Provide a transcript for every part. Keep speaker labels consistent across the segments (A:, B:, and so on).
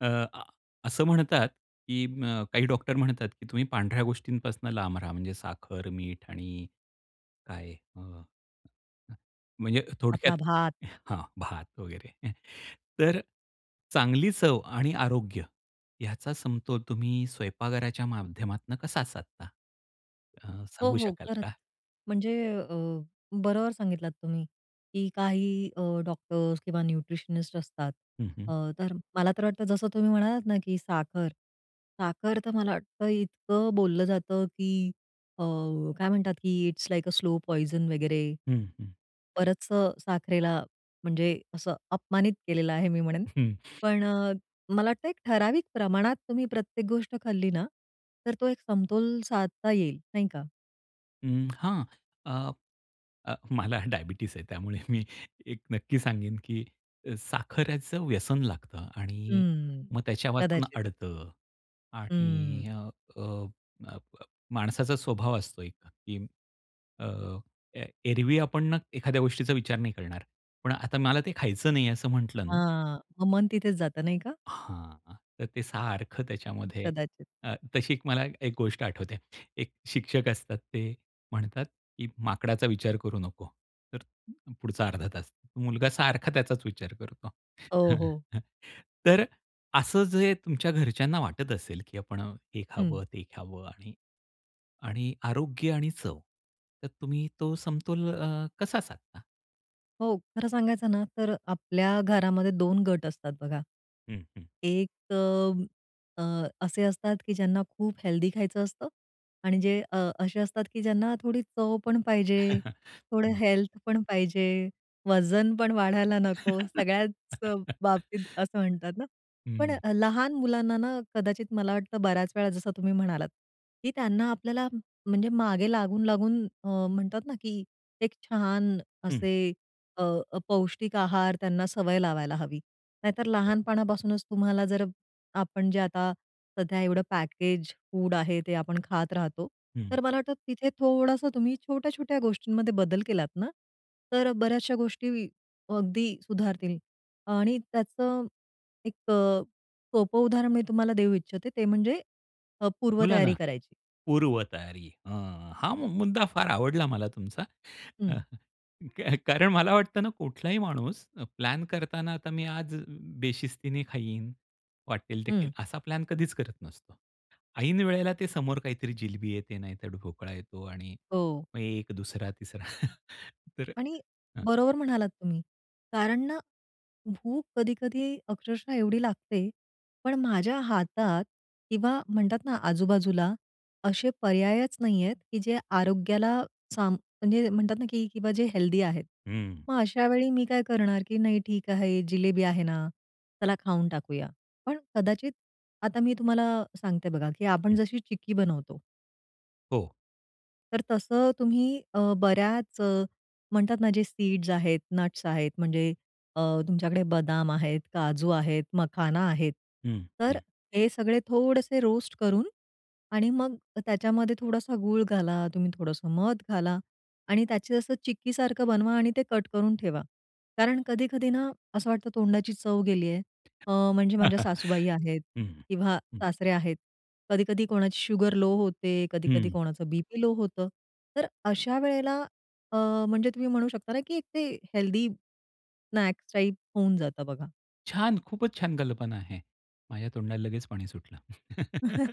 A: अ, आ, असं म्हणतात, की अ, काही डॉक्टर म्हणतात, की "तुम्ही पांढऱ्या गोष्टींपासून लांब राहा." म्हणजे साखर, मीठ आणि काय अ, अ, म्हणजे थोडक्यात
B: आपला भात.
A: हां, भात वगैरे. तर चांगली चव आणि आरोग्य याचा समतोल तुम्ही स्वयंपाकाच्या माध्यमातून कसा असता? अ,
B: हो,
A: सांगू
B: हो,
A: शकाल
B: खरंच.
A: का?
B: म्हणजे अ, बरोबर सांगितलात तुम्ही, की काही अ, डॉक्टर्स किंवा न्यूट्रिशनिस्ट असतात.
A: हं, हं.
B: अ, तर मला तर वाटतं जसं तुम्ही म्हणालात ना, की साखर, साखर तर मला वाटतं इतकं बोललं जातं, की अ, काय म्हणतात की it's like a slow poison वगैरे
A: हं, हं.
B: बरचं साखरेला म्हणजे असं अपमानित केलेलं आहे मी म्हणेन. पण अ, मला वाटतं एक ठराविक प्रमाणात तुम्ही प्रत्येक गोष्ट खाल्ली ना, तर तो एक समतोल साधता येईल, नाही का?
A: हं, हां, अ, अ, मला डायबिटीज आहे. त्यामुळे मी एक नक्की सांगेन, की अ, साखरेचं व्यसन लागतं आणि
B: हम्म,
A: मग त्याच्यावाचून
B: कदाचित.
A: आडतं आणि
B: हं.
A: अ, अ, अ, ब माणसाचा स्वभाव असतो एक, की अ, ए एरवी आपण ना एखाद्या गोष्टीचा विचार नाही करणार. पण आता मला ते खायचं नाही असं म्हंटलं ना
B: हां, मग मन तिथेच जात नाही का?
A: हां, तर ते सारखं त्याच्यामध्ये
B: कदाचित.
A: अ, तशी एक मला एक गोष्ट आठवते. एक शिक्षक असतात, ते म्हणतात, की "माकडाचा विचार करू नको." तर पुढचा अर्धा तास मुलगा सारखा त्याचाच विचार करतो.
B: हो, हो.
A: तर असं जे तुमच्या घरच्यांना वाटत असेल, की आपण हे
B: हं.
A: खावं ते खावं आणि आणि आरोग्य आणि चव तर तुम्ही तो समतोल अ, कसा साधता?
B: हो, खरं सांगायचं ना, तर आपल्या घरामध्ये 2 गट असतात बघा.
A: हं, हं.
B: एक अ, असे असतात, की ज्यांना खूप हेल्थी खायचं असतं आणि जे अ, असे असतात, की ज्यांना थोडी चव पण पाहिजे, थोडं
A: हं.
B: हेल्थ पण पाहिजे, वजन पण वाढायला नको, सगळ्याच बाबतीत असं म्हणतात ना. पण
A: हं.
B: अ, लहान मुलांना ना, कदाचित मला वाटतं, बऱ्याच वेळा जसं तुम्ही म्हणालात, की त्यांना आपल्याला म्हणजे मागे लागून-लागून अ, म्हणतात ना, की एक छान
A: हं.
B: असे, अ, पौष्टिक आहार त्यांना सवय लावायला हवी. नाहीतर
A: हो.
B: लहानपणापासूनच, तुम्हाला जर आपण जे आता सध्या एवढं पॅकेज फूड आहे, ते आपण खात राहतो,
A: हं.
B: तर मला वाटतं, तिथे थोडंसं तुम्ही छोट्या-छोट्या गोष्टींमध्ये बदल केलात ना, तर बऱ्याचश्या गोष्टी अगदी सुधारतील. आणि त्याचं एक अ, सोपं उदाहरण मी तुम्हाला देऊ इच्छिते, ते म्हणजे अ,
A: बोला ना,
B: पूर्वतयारी करायची.
A: पूर्वतयारी हां. हा मु मुद्दा फार आवडला मला तुमचा. अ,
B: हं.
A: काय का कारण मला वाटतं ना, कुठलाही माणूस अ, प्लॅन करतांना, आता मी आज बेशिस्तीने खाईन, वाटेल ते खाईन,
B: हं.
A: असा प्लॅन कधीच करत नसतो. ऐन वेळेला ते समोर काहीतरी जिलेबी येते, नाहीतर ढोकळा येतो आणि
B: हो.
A: मग एक 2रा-3रा, तर
B: आणि
A: हं.
B: बरोबर म्हणालात तुम्ही, कारण ना, भूक कधी-कधी अक्षरशः एवढी लागते, पण माझ्या हातात किंवा म्हणतात ना, आजूबाजूला असे पर्यायच नाहीयेत, की जे आरोग्याला सांब म्हणजे म्हणतात ना, की किंवा जे हेल्दी आहेत.
A: हं.
B: मग अशावेळी मी काय करणार की नाही, ठीक आहे, जिलेबी आहे ना, चला खाऊन टाकूया. पण कदाचित आता मी तुम्हाला सांगते बघा, की आपण
A: हं.
B: जशी चिक्की बनवतो
A: हो.
B: तर तसं तुम्ही, अ, बऱ्याच अ, म्हणतात ना, जे सीड्स आहेत, नट्स आहेत, म्हणजे अ, तुमच्याकडे बदाम आहेत, काजू आहेत, मखाना आहे.
A: हं,
B: तर
A: हं.
B: हे सगळे थोडेसे रोस्ट करून आणि मग त्याच्यामध्ये थोडासा गूळ घाला, तुम्ही थोडंसं मध घाला आणि त्याचे असं चिक्कीसारखं बनवा आणि ते कट करून ठेवा. कारण कधी-कधी ना, असं वाटतं तोंडाची चव गेली आहे अ, म्हणजे माझ्या सासूबाई आहेत
A: हं,
B: किंवा
A: हं.
B: सासरे आहेत, कधी-कधी कोणाची शुगर लो होते, कधी-कधी
A: हं.
B: कोणाचं बी-पी लो होतं, तर अशा वेळेला, अ, म्हणजे तुम्ही म्हणू शकता ना, की एक ते हेल्थी स्नॅक्स टाइप होऊन जातं बघा.
A: छान! खूपच छान कल्पना आहे. माझ्या तोंडाला लगेच पाणी सुटलं.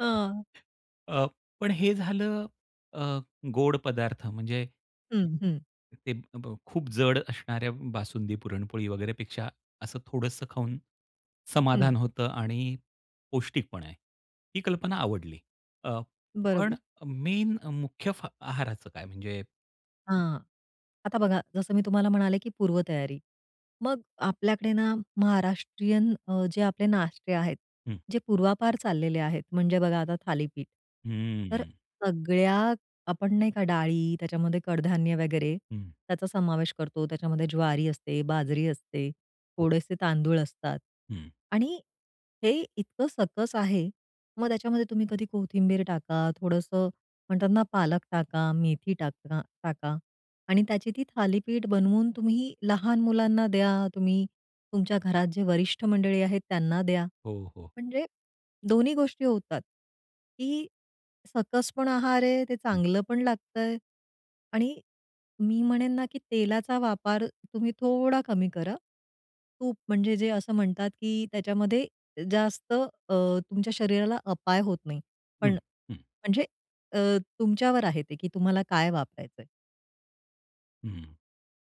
B: हां.
A: अ, पण हे झालं, अ, गोड पदार्थ म्हणजे
B: हं, हं.
A: ते अ, ब् खूप जड असणाऱ्या बासुंदी, पुरणपोळी वगैरे पेक्षा असं थोडंसं खाऊन समाधान
B: हं.
A: होतं आणि पौष्टिकपण आहे. ही कल्पना आवडली. अ, पण
B: बरोबर.
A: मेन मुख्य आहाराचं काय? म्हणजे
B: हां, आता बघा, जसं मी तुम्हाला म्हणाले की पूर्वतयारी, मग आपल्याकडे ना महाराष्ट्रीयन अ, जे आपले नाष्टे आहेत,
A: हं.
B: जे पूर्वापार चाललेले आहेत, म्हणजे बघा आता थालीपीठ, तर
A: हं.
B: सगळ्या आपण नाही का डाळी, त्याच्यामध्ये कडधान्य वगैरे
A: हं.
B: त्याचा समावेश करतो. त्याच्यामध्ये ज्वारी असते, बाजरी असते,
A: हो.
B: थोडेसे तांदूळ असतात
A: हं.
B: आणि हे इतकं सकस आहे. मग त्याच्यामध्ये तुम्ही कधी कोथिंबीर टाका, थोडंसं म्हणतात ना पालक टाका, मेथी टांका टाका, आणि त्याची ती थालीपीठ बनवून तुम्ही लहान मुलांना द्या, तुम्ही तुमच्या घरात जे वरिष्ठ मंडळी आहेत त्यांना द्या,
A: हो, हो.
B: म्हणजे दोन्ही गोष्टी होतात. की सकस पण आहार आहे, ते
A: हं.
B: चांगलं पण लागतंय, आणि मी म्हणेन ना की तेलाचा वापर तुम्ही थोडा कमी करा. तूप म्हणजे जे असं म्हणतात की त्याच्यामध्ये जास्त अ, तुमच्या शरीराला अपाय होत नाही. पण
A: हं, हं.
B: म्हणजे अ, तुमच्यावर आहे ते की तुम्हाला काय वापरायचंय.
A: हं.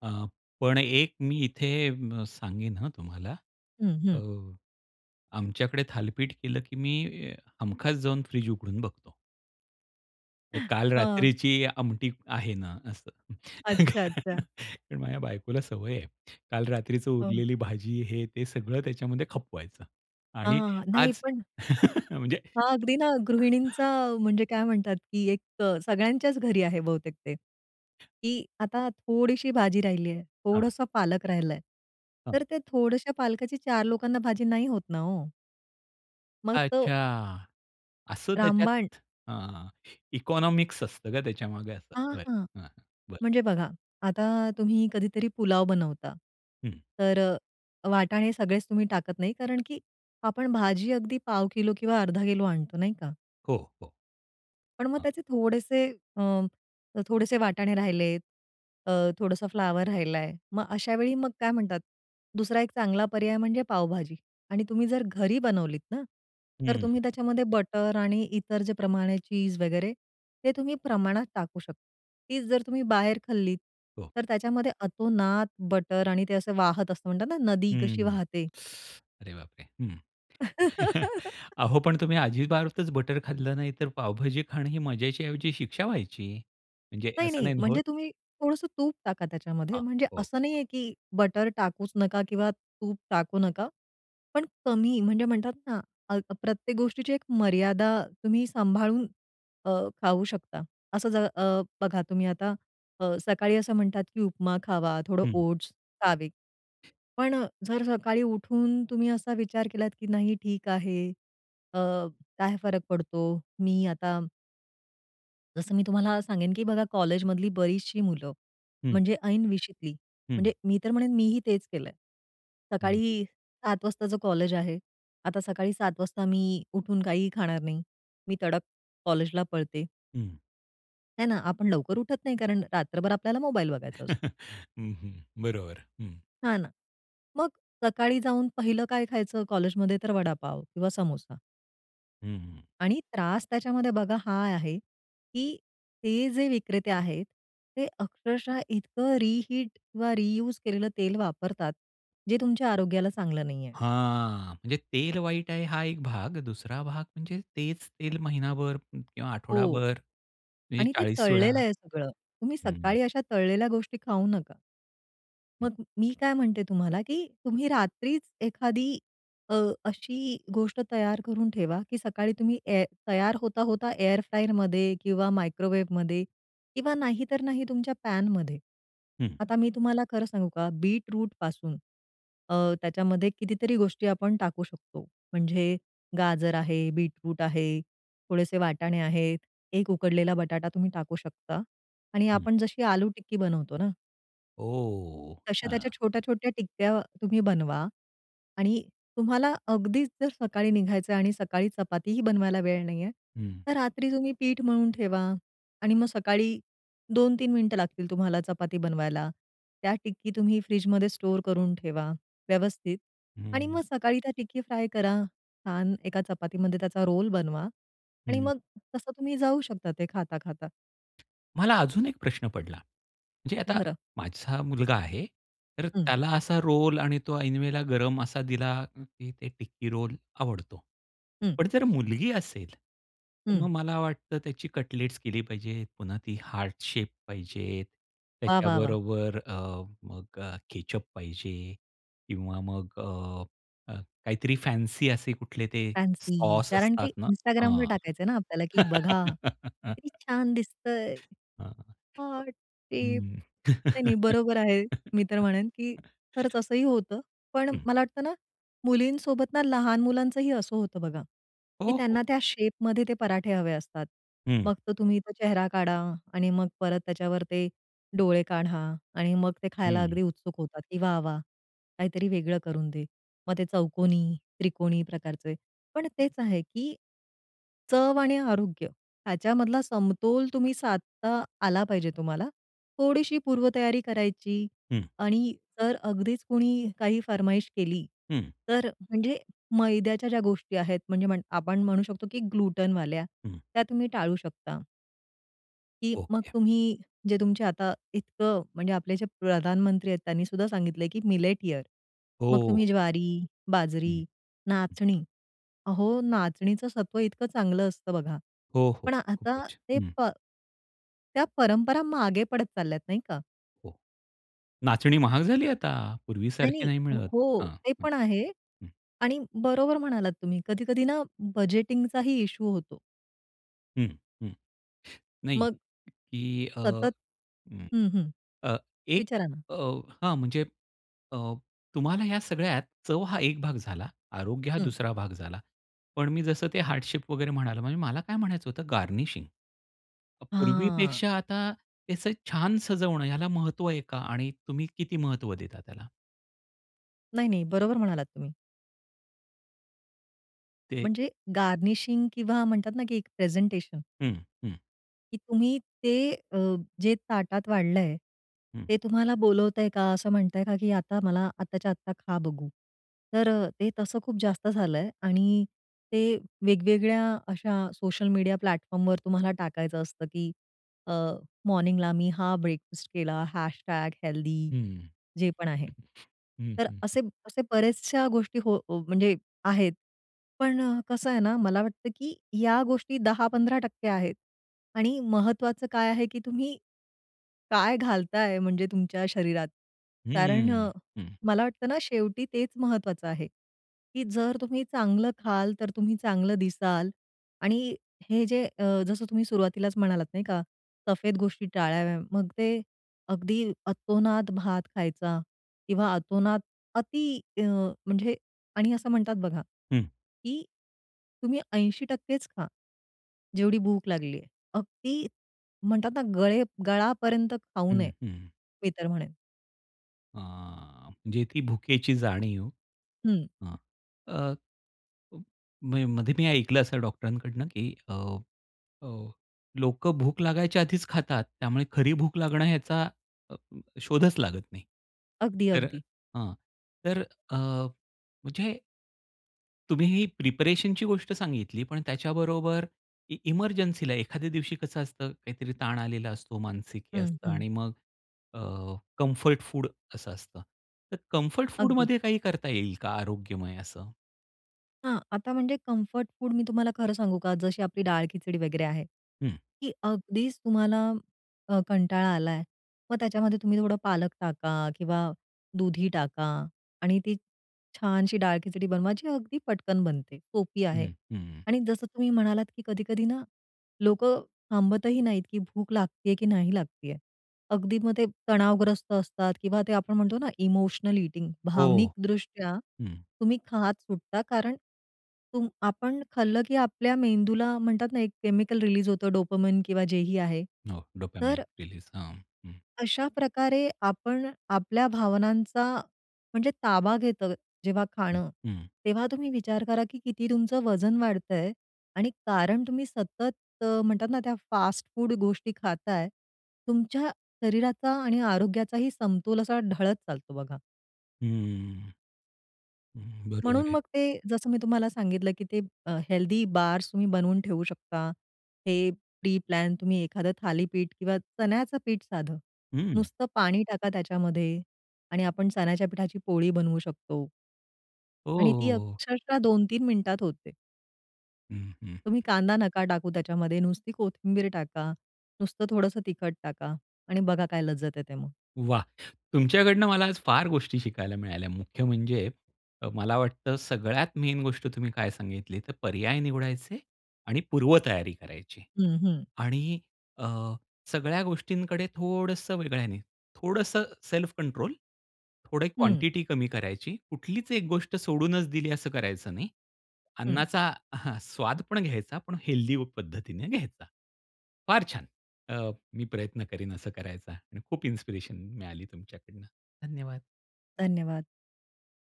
A: अ, पण एक मी इथे सांगेन हं, तुम्हाला.
B: हं,
A: अ
B: हं.
A: आमच्याकडे थालीपीट केलं की मी हमखास जाऊन फ्रिज उघडून बघतो. काल
B: हं.
A: रात्रीची आमटी आहे ना असं.
B: अच्छा, अच्छा.
A: ते माझ्या बायकोला सवय आहे. काल रात्रीचं
B: हं.
A: उरलेली भाजी हे ते सगळं त्याच्यामध्ये खपवायचं.
B: हां,
A: आणि
B: हां. नाही
A: आज
B: पण
A: म्हणजे
B: हां. अगदी ना गृहिणींचा म्हणजे काय म्हणतात, की एक सगळ्यांच्याच घरी आहे बहुतेक ते. की आता थोडीशी भाजी राहिली आहे
A: हां.
B: थोडसा पालक राहिलंय.
A: हां.
B: तर ते थोडशा पालकाची 4 लोकांना भाजी नाही होत ना हो. मग तो
A: अच्छा. असं
B: रामबाण.
A: त्याच्यात अ, इकॉनॉमिक्स असतं का त्याच्यामागे असं
B: हां, हां.
A: बरं, बरं.
B: म्हणजे बघा आता तुम्ही कधीतरी पुलाव बनवता.
A: हं.
B: तर वाटाणे सगळेच तुम्ही टाकत नाही कारण की आपण भाजी अगदी पाव किलो किंवा अर्धा किलो आणतो नाही का?
A: हो, हो.
B: पण मग
A: हं.
B: त्याचे थोडेसे अ, थोडेसे वाटाणे राहिले, अ, थोडंसं फ्लॉवर राहिलाय. मग अशावेळी मग काय म्हणतात, दुसरा एक चांगला पर्याय म्हणजे पावभाजी आणि तुम्ही जर घरी बनवलीत ना. तर
A: हं.
B: तुम्ही त्याच्यामध्ये बटर आणि इतर जे प्रमाण आहे चीज वगैरे. ते तुम्ही प्रमाणात टाकू शकता. तीच जर तुम्ही बाहेर खाल्लीत,
A: हो.
B: तर त्याच्यामध्ये अतोनात बटर आणि ते असं वाहत असतं म्हणतात ना, नदी कशी
A: हं.
B: वाहते.
A: अरे बापरे! हं. अहो, पण तुम्ही अजिबातच बटर खाल्लं नाही. तर पावभाजी खाणं ही मजेच्याऐवजी शिक्षा व्हायची. म्हणजे
B: नाही,
A: असं
B: नाही.
A: नाही ना होत.
B: म्हणजे तुम्ही थोडंसं तूप टाका त्याच्यामध्ये.
A: हां.
B: म्हणजे
A: ओके.
B: असं नाहीये की बटर टाकूच नका किंवा तूप टाकू नका. पण कमी म्हणजे म्हणतात ना अ, प्रत्येक गोष्टीची एक मर्यादा तुम्ही सांभाळून अ, खाऊ शकता. असं जर अ, बघा तुम्ही आता अ, सकाळी असं म्हणतात की उपमा खावा, थोडं
A: हं.
B: ओट्स खावे. पण जर सकाळी उठून तुम्ही असा विचार केलात, की नाही ठीक आहे अ, काय फरक पडतो? मी आता जसं मी तुम्हाला सांगेन, की बघा कॉलेजमधली बरीचशी मुलं
A: हं.
B: म्हणजे ऐन विशीतली म्हणजे
A: हं.
B: मी तर म्हणेन मीही तेच केलंय.
A: हं.
B: सकाळी 7 वाजताच कॉलेज आहे. आता सकाळी 7 वाजता मी उठून काहीही खाणार नाही. मी तडक कॉलेजला पळते.
A: हं.
B: हे ना? आपण लवकर उठत नाही. कारण रात्रभर आपल्याला मोबाईल बघायचा असतो.
A: हं, हं. बरोबर हं.
B: हां ना. मग सकाळी जाऊन पहिलं काय खायचं कॉलेजमध्ये तर वडापाव किंवा समोसा.
A: हं, हं.
B: आणि त्रास त्याच्यामध्ये बघा हा आहे, की ते जे विक्रेते आहेत. ते अक्षरशः इतकं रिहीट किंवा रियूज केलेलं तेल वापरतात. जे तुमच्या आरोग्याला चांगलं नाही आहे.
A: हां, म्हणजे तेल वाईट आहे हा एक भाग. दुसरा भाग म्हणजे तेच तेल महिनाभर किंवा
B: हो
A: आठवडाभर म्हणजे
B: आणि ते
A: 40 वेळा
B: तळलेलं आहे सगळं. तुम्ही
A: हं.
B: सकाळी अशा तळलेल्या गोष्टी खाऊ नका.
A: हं.
B: मग मी काय म्हणते तुम्हाला, की तुम्ही रात्रीच एखादी अ, अशी गोष्ट तयार करून ठेवा, की सकाळी तुम्ही ए तयार होता-होता एअर फ्रायरमध्ये किंवा मायक्रोवेव्हमध्ये किंवा नाहीतर नाही तुमच्या पॅनमध्ये.
A: हं.
B: आता मी तुम्हाला खरं सांगू का, बीटरूटपासून अ, त्याच्यामध्ये कितीतरी गोष्टी आपण टाकू शकतो. म्हणजे गाजर आहे, बीटरूट आहे, थोडेसे वाटाणे आहेत, 1 उकडलेला बटाटा तुम्ही टाकू शकता. आणि
A: हं.
B: आपण जशी आलू टिक्की बनवतो ना.
A: ओ!
B: तश्या
A: हां.
B: त्याच्या छोट्या-छोट्या टिक्या तुम्ही बनवा. आणि तुम्हाला अगदीच जर सकाळी निघायचं आणि सकाळी चपातीही बनवायला वेळ नाही आहे,
A: हं.
B: तर रात्री तुम्ही पीठ मळून ठेवा आणि मग सकाळी 2-3 मिनिटं लागतील तुम्हाला चपाती बनवायला. त्या टिक्की तुम्ही फ्रिजमध्ये स्टोअर करून ठेवा व्यवस्थित आणि
A: हं.
B: मग सकाळी त्या टिक्की फ्राय करा. छान एका चपातीमध्ये त्याचा रोल बनवा आणि
A: हं.
B: मग तसं तुम्ही जाऊ शकता ते खाता, खाता.
A: मला अजून एक प्रश्न पडला, म्हणजे आता
B: भरा.
A: माझा मुलगा आहे, तर
B: हं.
A: त्याला असा रोल आणि तो ऐनवेळेला गरम असा दिला, की टिक्की रोल आवडतो.
B: हं.
A: पण जर मुलगी असेल, तर
B: हं.
A: मग मला वाटतं त्याची कटलेट्स केली पाहिजे. पुन्हा ती हार्ट शेप पाहिजे.
B: वाह, वाह, वाह!
A: त्याच्याबरोबर अ, मग अ, केचअप पाहिजे किंवा मग अ, काहीतरी फॅन्सी असे कुठले ते
B: फॅन्सी.
A: सॉस
B: कारण
A: असतात
B: ते
A: ना
B: Instagramवर
A: हां.
B: टाकायच आहे ना आपल्याला, की "बघा किती छान दिसत आहे."
A: हां, [unintelligible]
B: हां, तेचं.
A: हं.
B: नाही, नाही, बरोबर आहे. मी तर म्हणेन, की खरंच असंही होतं. पण
A: हं.
B: मला वाटतं ना, मुलींसोबत ना लहान मुलांचंही असं होतं बघा, की
A: हो, हो.
B: त्यांना त्या शेपमध्ये ते पराठे हवे असतात.
A: हं.
B: मग तो तुम्ही इथं चेहरा काढा आणि मग परत त्याच्यावर ते डोळे काढा आणि मग ते खायला
A: हं.
B: अगदी उत्सुक होतात, की वाह वाह! काहीतरी वेगळं करून दे. मग ते चौकोनी, त्रिकोणी प्रकारचे. पण
A: [unintelligible]
B: तेच आहे, की चव आणि आरोग्य ह्याच्यामधला समतोल तुम्ही साधता आला पाहिजे तुम्हाला. थोडीशी पूर्वतयारी करायची
A: हं.
B: आणि जर अगदीच कोणी काही फरमाईश केली
A: हं.
B: तर म्हणजे मैद्याच्या ज्या गोष्टी आहेत, म्हणजे आपण म्हणू शकतो की ग्लुटेनवाल्या
A: हं.
B: त्या तुम्ही टाळू शकता. की मग
A: ओके.
B: तुम्ही जे तुमचे आता इतकं म्हणजे आपले जे प्रधानमंत्री आहेत त्यांनी सुद्धा सांगितलंय की, "मिलेट इयर" मग
A: हो.
B: तुम्ही ज्वारी, बाजरी,
A: हं, हं.
B: नाचणी. अहो! नाचणीचं सत्व इतकं चांगलं असतं बघा.
A: हो, हो,
B: पण आता
A: खूपच,
B: ते
A: हं.
B: प त्या परंपरा मागे पडत चालल्यात नाही का?
A: हो, नाचणी महाग झाली आता पूर्वीसारखी
B: नाही-नाही,
A: नाही मिळत
B: हो,
A: हां,
B: ते
A: हं,
B: पण आहे
A: हं.
B: आणि बरोबर म्हणालात तुम्ही कधी-कधी ना बजेटिंगचा ही इश्यू होतो.
A: हं, हं, नाही
B: मग.
A: की अ
B: सतत
A: हं,
B: हं, हं,
A: अ, एक
B: विचारा ना?
A: अ, हां, म्हणजे अ, तुम्हाला या सगळ्यात चव हा एक भाग झाला. आरोग्य हा
B: हं.
A: दुसरा भाग झाला. पण मी जसं ते हार्ट शेप वगैरे म्हणालो म्हणजे मला काय म्हणायचं होतं गार्निशिंग मग
B: हां.
A: पूर्वीपेक्षा आता त्याचं छान सजवणं ह्याला महत्व आहे? का आणि तुम्ही किती महत्व देता त्याला?
B: नाही-नाही बरोबर म्हणालात तुम्ही.
A: ते
B: म्हणजे गार्निशिंग किंवा म्हणतात ना की एक प्रेझेंटेशन.
A: हं, हं.
B: की तुम्ही ते अ, जे ताटात वाढलंय,
A: हं.
B: ते तुम्हाला बोलवतंय का? असं म्हणताय का की आता मला आत्ताच्या आत्ता खा बघू. तर ते तसं खूप जास्त झालं आहे आणि ते वेगवेगळ्या अशा सोशल मीडिया प्लॅटफॉर्मवर तुम्हाला टाकायचं असतं की अ, मॉर्निंग ला मी हा ब्रेकफास्ट केला, हॅशटॅग हेल्थी
A: हं,
B: जे पण आहे.
A: हं,
B: तर
A: हं, हं.
B: असे असे बऱ्याचशा गोष्टी हो हो म्हणजे आहेत, पण कसं आहे ना, मला वाटतं की या गोष्टी 10%-15% आहेत आणि महत्त्वाचं काय आहे की तुम्ही काय घालताय म्हणजे तुमच्या शरीरात? कारण
A: हम्म,
B: अ,
A: हं.
B: मला वाटतं ना, शेवटी तेच महत्त्वाचं आहे, की जर तुम्ही चांगलं खाल तर तुम्ही चांगलं दिसाल आणि हे जे अ, जसं तुम्ही सुरुवातीलाच म्हणालात नाही का, सफेद गोष्टी टाळाव्या. मग ते अगदी अतोनात भात खायचा किंवा अतोनात अति अ, म्हणजे आणि असं म्हणतात बघा,
A: हं.
B: की तुम्ही 80% खा, जेवढी भूक लागली आहे. अगदी म्हणतात ना, गळे गळापर्यंत खाऊ
A: हं,
B: नये,
A: हं.
B: मी तर म्हणेन.
A: हां, म्हणजे ती भुकेची जाणीव
B: हं.
A: हां. अ [unintelligible] मी मध्ये मी ऐकलं असं डॉक्टरांकडनं की अ, अ, लोकं भूक लागायच्या आधीचं खातात. त्यामुळे खरी भूक लागणं ह्याचा अ, शोधचं लागत नाही.
B: अगदी,
A: तर अ,
B: अगदी.
A: हां. तर अ, म्हणजे तुम्ही ही प्रिपरेशनची गोष्ट सांगितली. पण त्याच्याबरोबर इ इमर्जन्सीला एखाद्या दिवशी कसं असतं, काहीतरी ताण आलेला असतो, मानसिक हे
B: हं,
A: असतं
B: हं.
A: आणि मग अ, कम्फर्ट फूड असं असतं. तर कम्फर्ट
B: अगदी.
A: फूडमध्ये काही करता येईल का आरोग्यमय असं?
B: हां. आता म्हणजे कम्फर्ट फूड मी तुम्हाला खरं सांगू का? जशी आपली डाळ खिचडी वगैरे आहे.
A: हं.
B: की अगदीचं तुम्हाला अ, कंटाळा आला आहे, मग त्याच्यामध्ये तुम्ही थोडं पालक टाका किंवा दुधी टाका आणि ती छानशी डाळ खिचडी बनवा, जी अगदी पटकन बनते. सोपी
A: हं.
B: आहे.
A: हं.
B: आणि जसं तुम्ही म्हणालात की कधी-कधी ना, लोकं थांबतही नाहीत की भूक लागत आहे की नाही लागत आहे. अगदी मग ते तणावग्रस्त असतात किंवा ते आपण म्हणतो ना, इमोशनल ईटिंग
A: हो.
B: भावनिकदृष्ट्या
A: हं.
B: तुम्ही खात सुटता. कारण तुम आपण खाल्लं की आपल्या मेंदूला म्हणतात ना एक केमिकल रिलीज होतं डोपामाइन किंवा जे ही आहे.
A: हो.
B: तर
A: डोपामाइन रिलीज. हां, हां.
B: अशाप्रकारे आपण आपल्या, भावनांचा म्हणजे ताबा घेतं जेव्हा
A: हं,
B: खाणं,
A: हं.
B: तेव्हा तुम्ही विचार करा की किती तुमचं वजन वाढत आहे आणि कारण तुम्ही सतत अ, म्हणतात ना, त्या फास्ट फूड गोष्टी खाताय. तुमच्या शरीराचा आणि आरोग्याचाही समतोल असा ढळत चालतो बघा.
A: हं. हं. बरोबर
B: म्हणून
A: आहे.
B: मग ते जसं मी तुम्हाला सांगितलं, की ते अ, हेल्थी बार्स तुम्ही बनवून ठेवू शकता. हे प्री प्लॅन तुम्ही एखादं थालीपीठ किंवा चण्याचं पीठ साधं,
A: हं.
B: नुसतं पाणी टाका त्याच्यामध्ये आणि आपण चण्याच्या पिठाची पोळी बनवू शकतो.
A: ओ
B: आणि
A: हो
B: ती
A: हो!
B: अक्षरशः 2-3 मिनिटात होते.
A: हं, हं, हं.
B: तुम्ही कांदा नका टाकू त्याच्यामध्ये नुसती कोथिंबीर टाका, नुसतं थोडंसं तिखट टाका आणि बघा काय लज्जत येते मग.
A: वाह! तुमच्याकडनं मला आज फार गोष्टी शिकायला मिळाल्या. मुख्य म्हणजे अ, मला वाटतं सगळ्यात मेन गोष्ट तुम्ही काय सांगितली तर पर्याय निवडायचे आणि पूर्वतयारी करायची.
B: हं, हं.
A: आणि अ, सगळ्या गोष्टींकडे थोडंसं वेगळ्याने, थोडंसं सेल्फ कंट्रोल, थोडी
B: हं.
A: क्वांटिटी कमी करायची, कुठलीच एक गोष्ट सोडूनच दिली असं करायचं नाही.
B: हं.
A: अन्नाचा हां स्वाद पण घ्यायचा, पण हेल्थी पद्धतीने घ्यायचा. फार छान, अ, मी प्रयत्न करीन असं करायचा आणि खूप इन्स्पिरेशन मी मिळाली तुमच्याकडून धन्यवाद.
B: धन्यवाद.